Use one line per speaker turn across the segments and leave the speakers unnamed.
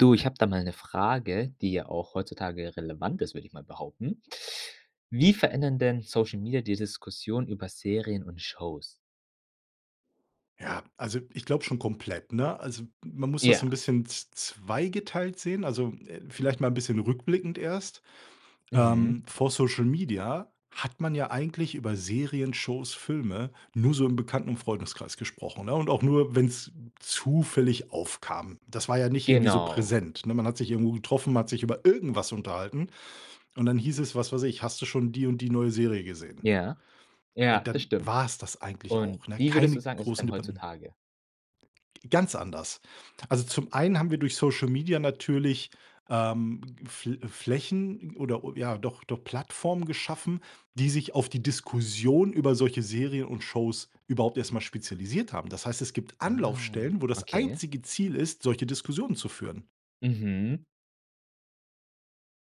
Du, ich habe da mal ‘ne Frage, die ja auch heutzutage relevant ist, würde ich mal behaupten. Wie verändern denn Social Media die Diskussion über Serien und Shows?
Ja. Also, ich glaube schon komplett, ne? Also, man muss das so ‘n
Ja.
bisschen z z zweigeteilt sehen. Also, äh, vielleicht mal ‘n bisschen rückblickend erst.
Mhm.
Ähm, vor Social Media hat man ja eigentlich über Serien, Shows, Filme nur so im Bekannten und Freundeskreis gesprochen, ne, und auch nur, wenn's zufällig aufkam. Das war ja nicht irgendwie so
Genau.
präsent, ne? Man hat sich irgendwo getroffen, man hat sich über irgendwas unterhalten und dann hieß es, was weiß ich: „Hast du schon die und die neue Serie gesehen?“
Ja.
Und,
Ja, das
dann
stimmt.
war's das eigentlich
Und,
auch, ne?
wie würdest
Keine
du sagen, ist es
großen
denn
Debatten.
heutzutage?
Ganz anders. Also, zum einen haben wir durch Social Media natürlich, ähm, F Flächen oder o ja, doch, doch Plattformen geschaffen, die sich auf die Diskussion über solche Serien und Shows überhaupt erst mal spezialisiert haben. Das heißt, es gibt
Ah,
Anlaufstellen, wo das
okay.
einzige Ziel ist, solche Diskussionen zu führen.
Mhm.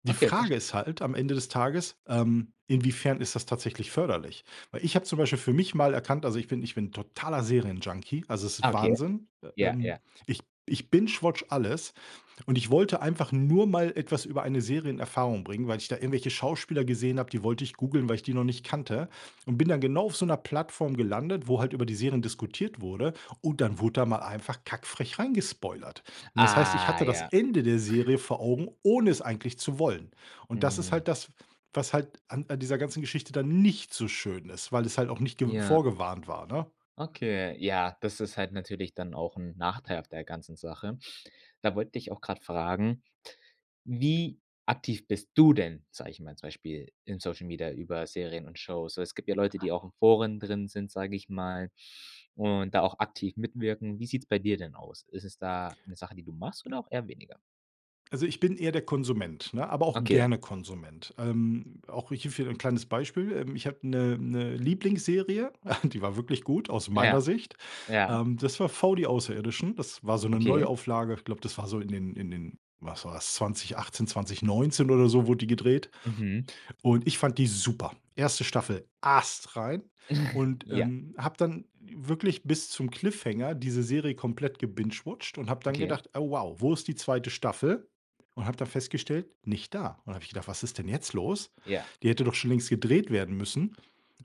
Die
Okay,
Frage
versch
ist halt, am Ende des Tages, ähm, inwiefern ist das tatsächlich förderlich? Weil ich habe zum Beispiel für mich mal erkannt, also, ich bin ich bin ‘n totaler Serienjunkie. Also, es ist
Ah, okay.
Wahnsinn. Äh,
Ja,
ähm,
ja.
ich b ich bingewatche alles und ich wollte einfach nur mal etwas über eine Serie in Erfahrung bringen, weil ich da irgendwelche Schauspieler gesehen habe, die wollte ich googeln, weil ich die noch nicht kannte und bin dann genau auf so ‘ner Plattform gelandet, wo halt über die Serien diskutiert wurde und dann wurde da mal einfach kack frech rein gespoilert. Und, das heißt, ich
Ah,
hatte das
ja.
Ende der Serie vor Augen, ohne es eigentlich zu wollen. Und, das ist
Hm.
halt das, was halt an an dieser ganzen Geschichte dann nicht so schön ist, weil es halt auch nicht ge
Ja.
vorgewarnt war, ne?
Okay, ja, das ist halt natürlich dann auch ‘n Nachteil auch der ganzen Sache. Da wollte ich auch grade fragen, wie aktiv bist du denn, sage ich mal, zum Beispiel in Social Media über Serien und Shows? Also, es gibt ja Leute, die auch in Foren drin sind, sage ich mal, und da auch aktiv mitwirken. Wie sieht's bei dir denn aus? Ist es da ‘ne Sache die du machst oder auch eher weniger?
Also, ich bin eher der Konsument, ne, aber auch
Okay.
gerne Konsument. Ähm, auch ich hierfür ‘n kleines Beispiel, ähm, ich habe ‘ne ‘ne Lieblingsserie, die war wirklich gut, aus
Ja, ja.
meiner Sicht.
Ja?
Ähm, das war „V die Außerirdischen.“ Das war so ‘ne
Okay.
Neuauflage. Ich glaube, das war so in den in den, was war‘s? 2018, 2019 oder so wurde die gedreht
Mhm.
und ich fand die super. 1. Staffel, astrein und,
Ja.
ähm, habe dann wirklich bis zum Cliffhanger diese Serie komplett gebingewatcht und habe dann
Okay.
gedacht: „Oh wow, wo ist die 2. Staffel?“, und habe dann festgestellt: „Nicht da.“ Und, dann habe ich gedacht: „Was ist denn jetzt los?
Ja.
Die hätte doch schon längst gedreht werden müssen.“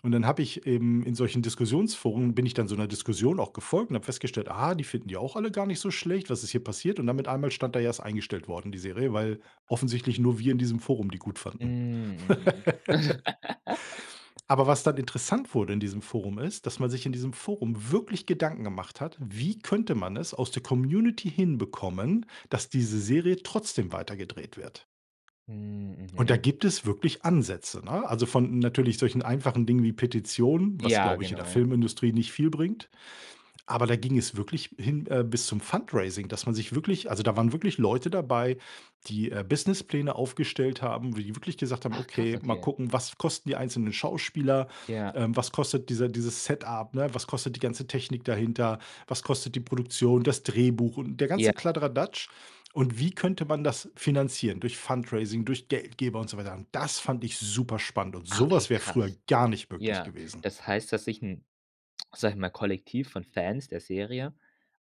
Und, dann habe eben in solchen Diskussionsforen, bin ich dann so ‘ner Diskussion auch gefolgt, und habe festgestellt: „Aha, die finden die auch alle gar nicht so schlecht. Was ist hier passiert?“ Und, dann mit einmal stand da: „Ja, ist eingestellt worden die Serie“, weil offensichtlich nur wir in diesem Forum die gut
Hm,
fanden.
mhm.
Aber, was dann interessant wurde in diesem Forum, ist, dass man sich in diesem Forum wirklich Gedanken gemacht hat: Wie könnte man es aus der Community hinbekommen, dass diese Serie trotzdem weitergedreht wird?
Hm,
Und, da
mhm.
gibt es wirklich Ansätze, ne? Also, von natürlich solchen einfachen Dingen wie Petitionen, was
Ja,
glaube ich, in der
genau.
Filmindustrie nicht viel bringt. Aber, da ging es wirklich hin, äh, bis zum Fundraising, dass man sich wirklich also, da waren wirklich Leute dabei, die, äh, Business Pläne aufgestellt haben, wie die wirklich gesagt haben:
Ach, krass.
„Okay, mal
Okay
gucken, was kosten die einzelnen Schauspieler?
Ja.
Ähm, was kostet diese dieses Setup, ne, was kostet die ganze Technik dahinter? Was kostet die Produktion, das Drehbuch und der ganze
Ja.
Kladderadatsch. Und, wie könnte man das finanzieren durch Fundraising, durch Geldgeber“, und so weiter. Und, das fand ich super spannend und
Ah,
sowas
okay,
wäre früher
krass.
gar nicht möglich
Ja,
gewesen.
das heißt, dass sich ‘n, sage ich mal, Kollektiv von Fans der Serie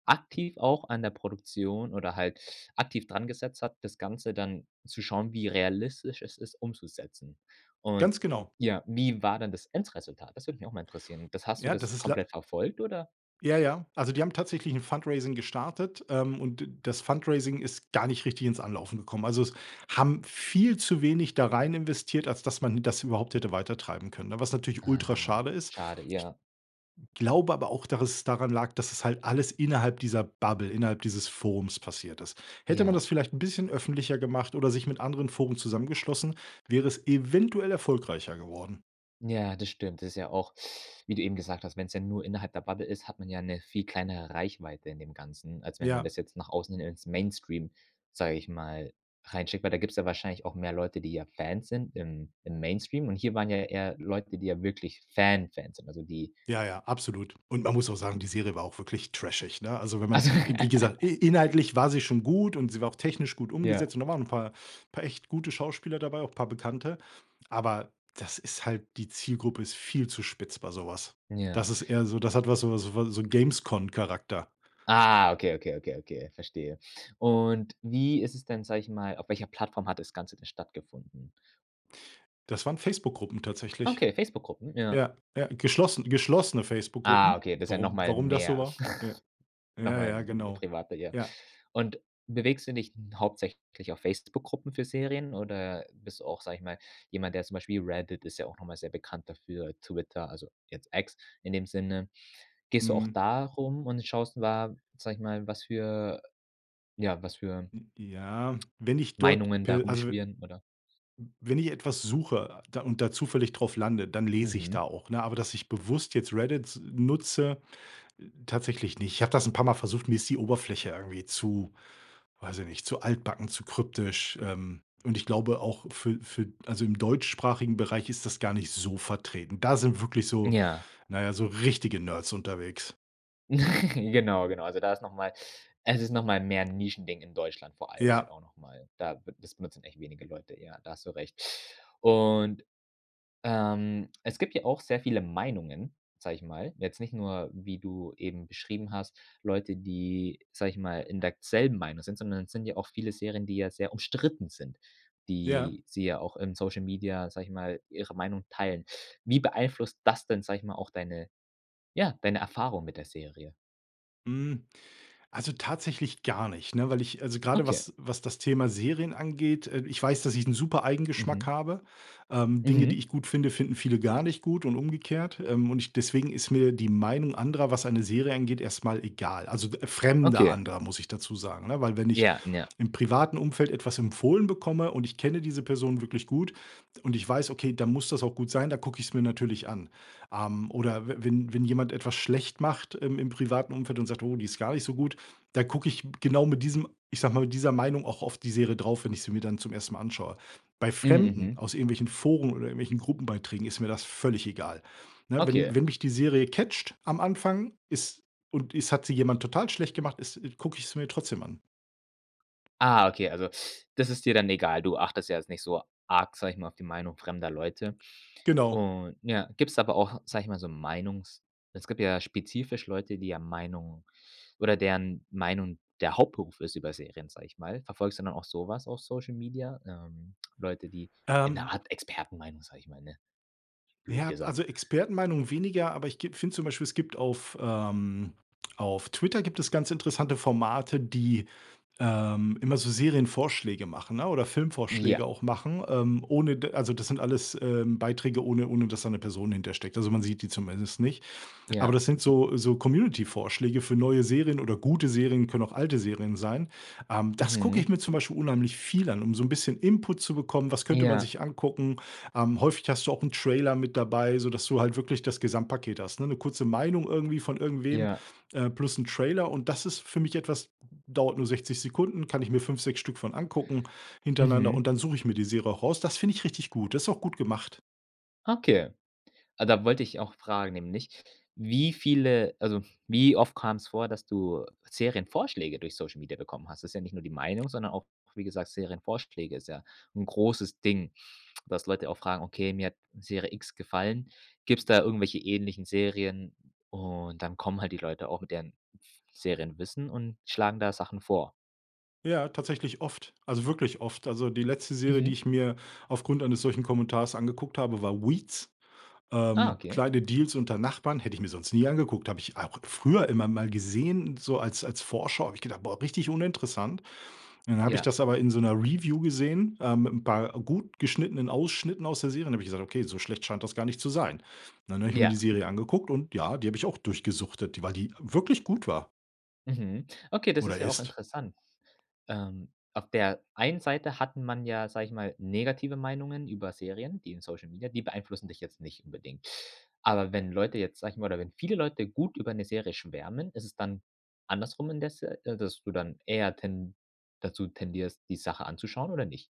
aktiv auch an der Produktion oder halt aktiv daran gesetzt hat, das Ganze dann zu schauen, wie realistisch es ist umzusetzen. Und,
Ganz genau.
ja, wie war denn das Endresultat? Das würde mich auch mal interessieren. Das hast du
Ja, das
das
ist lei
komplett verfolgt, oder?
Ja, ja. Also, die haben tatsächlich ‘n Fundraising gestartet, ähm, und d das Fundraising ist gar nicht richtig ins Anlaufen gekommen. Also, es haben viel zu wenig da rein investiert, als dass man das überhaupt hätte weitertreiben können, ne, was natürlich ultra
Ah,
schade ist.
schade,
Ich
ja.
glaube aber auch, dass es daran lag, dass es halt alles innerhalb dieser Bubble, innerhalb dieses Forums, passiert ist. Hätte man
Ja.
das vielleicht ‘n bisschen öffentlicher gemacht oder sich mit anderen Foren zusammengeschlossen, wäre es eventuell erfolgreicher geworden.
Ja, das stimmt. Das ist ja auch wie du eben gesagt hast, wenn‘s ja nur innerhalb der Bubble ist, hat man ja ‘ne viel kleinere Reichweite in dem Ganzen, als wenn man
Ja.
das jetzt nach außen hin ins Mainstream, sage ich mal, reinschickt, weil da gibt's ja wahrscheinlich auch mehr Leute, die ja Fans sind im im Mainstream und hier waren ja eher Leute, die ja wirklich Fan-Fans sind, also die
Ja, ja, absolut. Und, man muss auch sagen, die Serie war auch wirklich trashig, ne? Also, wenn man,
Also
e wie gesagt, in inhaltlich war sie schon gut und sie war auch technisch gut
Ja.
umgesetzt und da waren ‘n paar, paar echt gute Schauspieler dabei, auch ‘n paar Bekannte, aber das ist halt die Zielgruppe ist viel zu spitz bei so was. Das
Ja.
ist eher so das hat was so, so von so Games Con Charakter.
Ah, okay, okay, okay, okay. Verstehe. Und, wie ist es denn, sage ich mal auf welcher Plattform hat das Ganze denn stattgefunden?
Das waren Facebook-Gruppen tatsächlich.
Okay, Facebook-Gruppen, ja.
Ja, ja, geschlossen geschlossene
Ah
Facebook-Gruppen.
okay, das ist ja
Warum
nochmal
warum das so
mehr
war? Ja. Ja, ja,
nochmal
genau.
privater, ja.
Ja.
Und bewegst du dich n hauptsächlich auf Facebook-Gruppen für Serien oder bist du auch, sage ich mal, jemand, der, zum Beispiel Reddit ist ja auch nochmal sehr bekannt dafür, Twitter, also, jetzt X, in dem Sinne, gehst du auch
Mhm.
da rum und schaust wa, sage ich mal, was für, ja, was für
N ja, wenn ich dort
Meinungen da
per also, w m
rumschwirren, oder?
wenn ich etwas suche, da und da zufällig drauf lande, dann lese ich da
Mhm.
auch, ne, aber dass ich bewusst jetzt Reddit nutze, äh, tatsächlich nicht. Ich habe das 'n paar Mal versucht. Mir ist die Oberfläche irgendwie zu weiß ich nicht, zu altbacken, zu kryptisch, ähm, und ich glaube auch für für, also, im deutschsprachigen Bereich ist das gar nicht so vertreten. Da sind wirklich so,
Ja.
na ja, so richtige Nerds unterwegs.
Genau, genau. Also, da ist nochmal es ist nochmal mehr 'n Nischending in Deutschland vor allem halt
Ja.
auch nochmal da b das benutzen echt wenige Leute, ja, da hast du recht. Und, ähm, es gibt ja auch sehr viele Meinungen, sage ich mal, jetzt nicht nur, wie du eben beschrieben hast, Leute, die, sage ich mal, in der k selben Meinung sind, sondern es sind ja auch viele Serien, die ja sehr umstritten sind,
Ja.
die sie ja auch im Social Media, sage ich mal, ihre Meinung teilen. Wie beeinflusst das denn, sage ich mal, auch deine, ja, deine Erfahrung mit der Serie?
Hm, also, tatsächlich gar nicht, ne, weil ich also, grade
Okay.
was was das Thema Serien angeht, äh, ich weiß, dass ich 'n super eigen Geschmack
Mhm.
habe, ähm. Dinge, die
Mhm.
ich gut finde, finden viele gar nicht gut und umgekehrt, ähm. Und deswegen ist mir die Meinung anderer, was eine Serie angeht, erst mal egal. Also, f fremde
Okay.
andere, muss ich dazu sagen, ne, weil wenn ich
Ja, ja.
im privaten Umfeld etwas empfohlen bekomme und ich kenne diese Personen wirklich gut, und ich weiß, okay, dann muss das auch gut sein. Dann gucke ich es mir natürlich an, am. Oder w wenn wenn jemand etwas schlecht macht im im privaten Umfeld und sagt: „Oh, die ist gar nicht so gut.” Da gucke ich m genau mit diesem, ich sage mal, mit dieser Meinung auch auf die Serie drauf, wenn ich sie mir dann zum 1. Mal anschaue. Bei Fremden
Mhm.
aus irgendwelchen Foren oder irgendwelchen Gruppenbeiträgen ist mir das völlig egal, ne? Wenn
Okay.
wenn mich die Serie catcht am Anfang ist und es hat sie jemand total schlecht gemacht ist gucke ich sie mir trotzdem an.
Ah, okay, also, das ist dir dann egal. Du achtest da jetzt nicht so arg, sage ich mal, auf die Meinung fremder Leute.
Genau.
Und ja, gibt's aber auch, sage ich mal, so Meinungs es gibt ja spezifisch Leute, die, ja, Meinungen oder deren Meinung der Hauptberuf ist über Serien, sage ich mal. Verfolgst du dann auch sowas auf Social Media, ähm, Leute, die 'ne
Ähm
Art Expertenmeinung, sage ich mal, ne, blöd
Ja,
gesagt.
also, Expertenmeinungen weniger. Aber ich gib finde zum Beispiel, es gibt auf, ähm, auf Twitter gibt es ganz interessante Formate, die, ähm, immer so Serienvorschläge machen, ne, oder
Ja.
Filmvorschläge auch machen, ähm, ohne d also, das sind alles, ähm, Beiträge, ohne ohne dass da 'ne Person hintersteckt. Also, man sieht die zumindest nicht. Aber
Ja.
das sind so so Community-Vorschläge für neue Serien oder gute Serien, können auch alte Serien sein, ähm, das gucke ich
Mhm.
mir zum Beispiel unheimlich viel an, um so 'n bisschen Input zu bekommen: „Was könnte man
Ja.
sich angucken?” Ähm, häufig hast du auch 'n Trailer mit dabei, so dass du halt wirklich das Gesamtpaket hast, ne, 'ne kurze Meinung irgendwie von irgendwem,
Ja.
ähm, plus 'n Trailer. Und das ist für mich etwas dauert nur 60 Sekunden, kann ich mir 5, 6 Stück von angucken hintereinander.
Mhm.
Und dann suche ich mir die Serie auch raus. Das finde ich richtig gut. Das ist auch gut gemacht.
Okay. Ah, da wollte ich auch fragen, nämlich, wie viele also wie oft kam's vor, dass du Serienvorschläge durch Social Media bekommen hast? Das ist ja nicht nur die Meinung, sondern auch, wie gesagt Serienvorschläge ist ja 'n großes Ding, dass Leute auch fragen: „Okay, mir hat Serie X gefallen. Gibt's da irgendwelche ähnlichen Serien?” und dann kommen halt die Leute auch mit deren f Serienwissen und schlagen da Sachen vor.
Ja, tatsächlich oft. Also wirklich oft. Also die letzte Serie, die
Mhm.
ich mir aufgrund eines solchen Kommentars angeguckt habe, war „Weeds”,
Ah,
ähm,
okay.
„Kleine Deals unter Nachbarn“. Hätte ich mir sonst nie angeguckt. Habe ich auch früher immer mal gesehen, so als als Vorschau. Habe ich gedacht: „Boah, richtig uninteressant.” Dann habe ich
Ja.
das aber in so 'ner Review gesehen, äh, mit 'n paar gut geschnittenen Ausschnitten aus der Serie. Und da habe ich gesagt: „Okay, so schlecht scheint das gar nicht zu sein.” Dann habe ich mir
Ja.
die Serie angeguckt. Und ja, die habe ich auch durchgesuchtet, die weil die wirklich gut war
Mhm. Okay, das
oder
ist ja auch
ist.
interessant. Ähm, auf der einen Seite hat man ja, sage ich mal, negative Meinungen über Serien. Die in Social Media, die beeinflussen dich jetzt nicht unbedingt. Aber wenn Leute jetzt, sage ich mal oder wenn viele Leute gut über 'ne Serie schwärmen, ist es dann andersrum indes äh, dass du dann eher ten dazu tendierst, die Sache anzuschauen, oder nicht?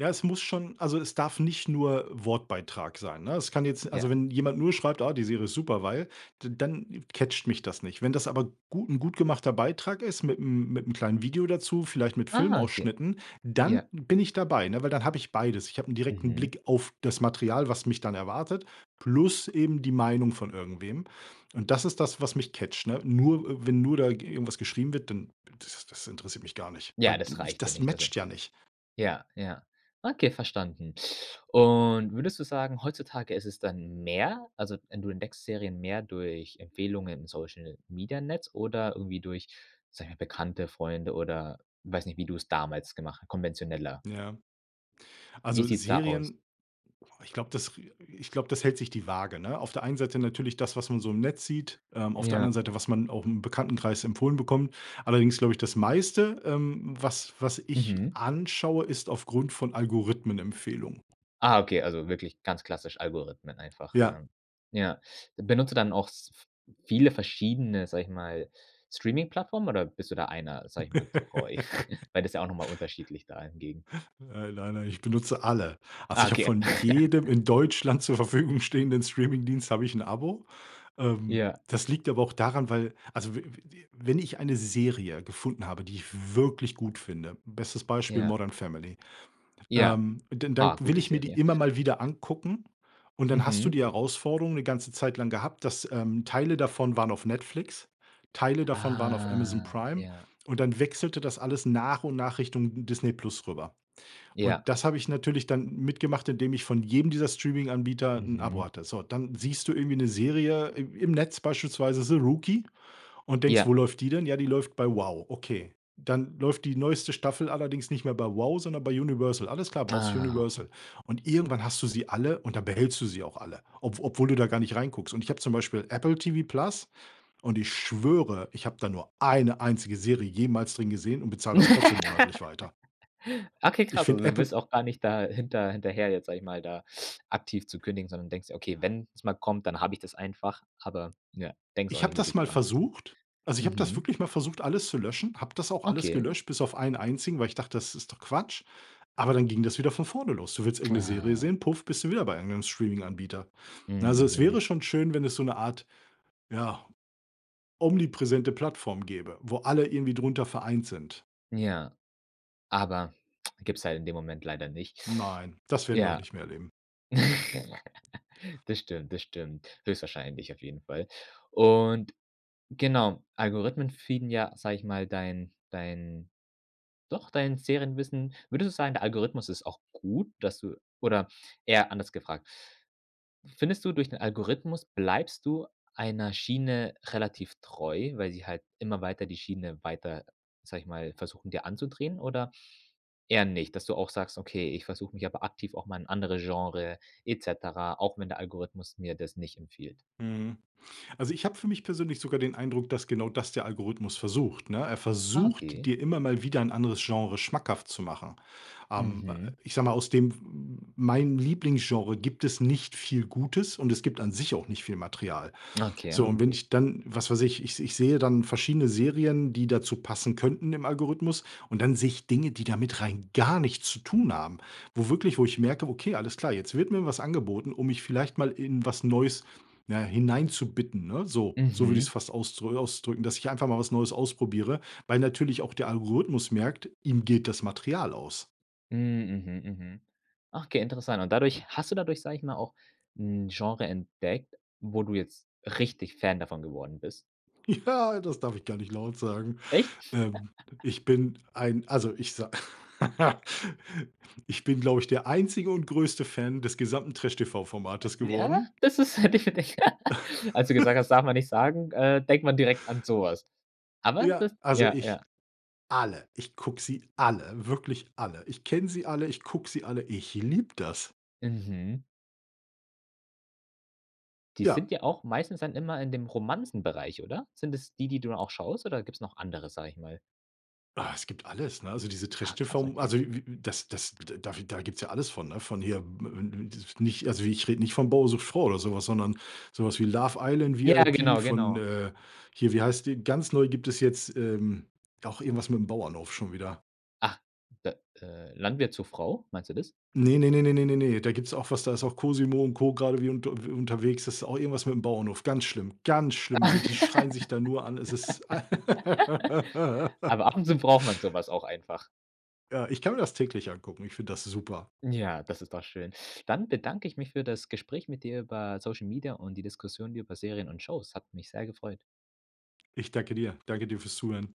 Ja, es muss schon also, es darf nicht nur Wortbeitrag sein, ne? Es kann jetzt also,
Ja.
wenn jemand nur schreibt: „Ah, die Serie ist super, weil“ d dann catcht mich das nicht. Wenn das aber gu 'n gut gemachter Beitrag ist mitm mitm kleinen Video dazu, vielleicht mit
Ah, okay.
Filmausschnitten, dann
Ja.
bin ich dabei, ne? Weil dann habe ich beides. Ich habe 'n direkten
Mhm.
Blick auf das Material, was mich dann erwartet, plus eben die Meinung von irgendwem. Und das ist das, was mich catcht, ne? Nur, äh wenn nur da ge irgendwas geschrieben wird, dann das das interessiert mich gar nicht, weil
Ja,
da
das
ich
reicht ja
das
nicht, also.
matcht ja nicht.
Ja, ja, okay, verstanden. Und würdest du sagen, heutzutage ist es dann mehr also en du entdeckst Serien mehr durch Empfehlungen in Social-Media-Netz oder irgendwie durch, sage ich mal, Bekannte, Freunde oder, weiß nicht, wie du es damals gemacht h konventioneller?
Ja.
Wie
Also
sieht's da aus?
Serien, oh, ich glaube, das i ich glaube, das hält sich die Waage, ne? Auf der einen Seite natürlich das, was man so im Netz sieht, ähm, auf der anderen
Ja.
Seite, was man auch im Bekanntenkreis empfohlen bekommt. Allerdings glaube ich, das meiste, ähm, was was ich
Mhm.
anschaue, ist aufgrund von Algorithmenempfehlungen.
Ah, okay, also wirklich ganz klassisch, Algorithmen einfach,
Ja.
ähm, ja. Benutzt du dann auch s v viele verschiedene, sage ich mal, Streaming-Plattformen oder bist du da einer, sage ich mal, treu? Weil das ist ja auch nochmal unterschiedlich da hingegen.
Äh, nein, nein. Ich benutze alle. Also,
Ah,
ich habe
okay.
von jedem in Deutschland zur Verfügung stehenden Streamingdienst habe ich 'n Abo. Ähm,
Ja.
das liegt aber auch daran, weil also we we wi wenn ich eine Serie gefunden habe, die ich wirklich gut finde. Bestes Beispiel
Ja.
„Modern Family”,
Ja.
ähm, dann dann
Ah,
will
gute
ich mir die
Serie.
immer mal wieder angucken. Und dann hast du
Mhm.
die Herausforderung 'ne ganze Zeit lang gehabt, dass ähm, Teile davon waren auf Netflix, Teile davon waren auf Amazon
Ah,
Prime.
ja.
Und dann wechselte das alles nach und nach Richtung Disney+ rüber. Und
Ja.
das habe ich natürlich dann mitgemacht, indem ich von jedem dieser Streaminganbieter 'n Abo
Mhm.
hatte. So. Dann siehst du irgendwie 'ne Serie im im Netz, beispielsweise „The Rookie”, und denkst,
Ja.
wo läuft die denn? Ja, die läuft bei WOW. Okay, dann läuft die neueste Staffel allerdings nicht mehr bei WOW, sondern bei Universal. Alles klar, brauchst
Ah.
Universal. Und irgendwann hast du sie alle. Und dann behältst du sie auch alle, ob obwohl du da gar nicht reinguckst. Und ich habe zum Beispiel Apple TV+. Und ich schwöre, ich habe da nur eine einzige Serie jemals drin gesehen und bezahle das trotzdem monatlich weiter.
Okay,
Ich
krass, also
finde
du
Apple
bist auch gar nicht da hinter hinterher jetzt, sage ich mal, da aktiv zu kündigen, sondern denkst dir: „Okay, wenn es mal kommt, dann habe ich das einfach.“, aber ja, denkst
Ich
auch
habe
nicht
das
wirklich
mal
dran. [unintelligible]
versucht. Also, ich habe das
Mhm.
wirklich mal versucht, alles zu löschen. Habe das auch alles
Okay.
gelöscht bis auf einen einzigen, weil ich dachte, das ist doch Quatsch. Aber dann ging das wieder von vorne los. Du willst irgendeine Serie
Ah.
sehen. Puff. Bist du wieder bei irgendeinem Streaminganbieter.
Hm,
Ne, also, es
mhm.
wäre schon schön, wenn es so 'ne Art, ja, omnipräsente Plattform gäbe, wo alle irgendwie drunter vereint sind.
Ja, aber gibt's halt in dem Moment leider nicht.
Nein, das werden wir auch
Ja.
nicht mehr erleben.
Das stimmt, das stimmt, höchstwahrscheinlich auf jeden Fall. Und, genau, Algorithmen feeden ja, sage ich mal, dein dein, doch dein Serienwissen. Würdest du sagen, der Algorithmus ist auch gut, dass du oder eher anders gefragt findest du durch den Algorithmus bleibst du einer Schiene relativ treu, weil sie halt immer weiter die Schiene weiter, sage ich mal, versuchen, dir anzudrehen oder eher nicht, dass du auch sagst: „Okay, ich versuche mich aber aktiv auch mal in andere Genre et cetera, auch wenn der Algorithmus mir das nicht empfiehlt?“
Mhm. Also, ich habe für mich persönlich sogar den Eindruck, dass genau das der Algorithmus versucht, ne? Er
Ah,
versucht,
okay.
dir immer mal wieder ein anderes Genre schmackhaft zu machen. Ähm, äh,
Mhm.
ich sage mal, aus dem pf hm, mein Lieblingsgenre gibt es nicht viel Gutes und es gibt an sich auch nicht viel Material.
Okay.
So, und wenn ich dann, was weiß ich ich ich sehe dann verschiedene Serien, die dazu passen könnten im Algorithmus und dann sehe ich Dinge, die damit rein gar nichts zu tun haben. Wo wirklich wo ich merke, okay, alles klar, jetzt wird mir was angeboten, um mich vielleicht mal in was Neues ja hineinzubitten, ne, so. So würde ich es
Mhm.
fast aus äh, ausdrücken, dass ich einfach mal was Neues ausprobiere, weil natürlich auch der Algorithmus merkt, ihm geht das Material aus.
Hm, mhm, mhm. Okay, interessant und dadurch hast du dadurch, sage ich mal, auch ‘n Genre entdeckt, wo du jetzt richtig Fan davon geworden bist?
Ja, das darf ich gar nicht laut sagen.
Echt?
Ähm, ich bin ein, also, ich sa ich bin, glaube ich, der einzige und größte Fan des gesamten Trash TV-Formates
Äh, ja?
geworden.
Das ist hätte ich für dich als du gesagt hast, darf man nicht sagen, äh, denkt man direkt an sowas, aber
Ja.
das
Also,
ja,
ich
ja.
alle. Ich gucke sie alle. Wirklich alle. Ich kenne sie alle, ich gucke sie alle, ich liebe das.
Mhm. Die
Ja.
sind ja auch meistens dann immer in dem Romanzenbereich, oder? Sind es die, die du auch schaust oder gibt's noch andere, sage ich mal.
Ah, es gibt alles, ne? Also, diese
Ah, krass,
Trash-TV,
okay.
also, w w das das d da gibt 's ja alles von, ne, von hier [unintelligible] nicht, also, ich rede nicht von „Bauer sucht Frau“ oder sowas, sondern so was wie „Love Island
Ja,
VIP“
genau,
von,
genau.
äh, hier wie heißt die? Ganz neu gibt es jetzt, ähm, auch irgendwas mit ‘m Bauernhof schon wieder.
Ach, da äh, Landwirt zur Frau, meinst du das?
Ne, ne, ne, ne, ne, ne, ne. Da gibt‘s auch was, da ist auch Cosimo und Co grade wieder unter w unterwegs. Das ist auch irgendwas mit dem Bauernhof. Ganz schlimm. Ganz schlimme sind die, die schreien sich da nur an, es ist
Aber ab und zu braucht man sowas auch einfach.
Ja, ich kann mir das täglich angucken. Ich finde das super.
Ja, das ist doch schön. Dann bedanke ich mich für das Gespräch mit dir über Social Media und die Diskussion über Serien und Shows. Hat mich sehr gefreut.
Ich danke dir, danke dir fürs Zuhören.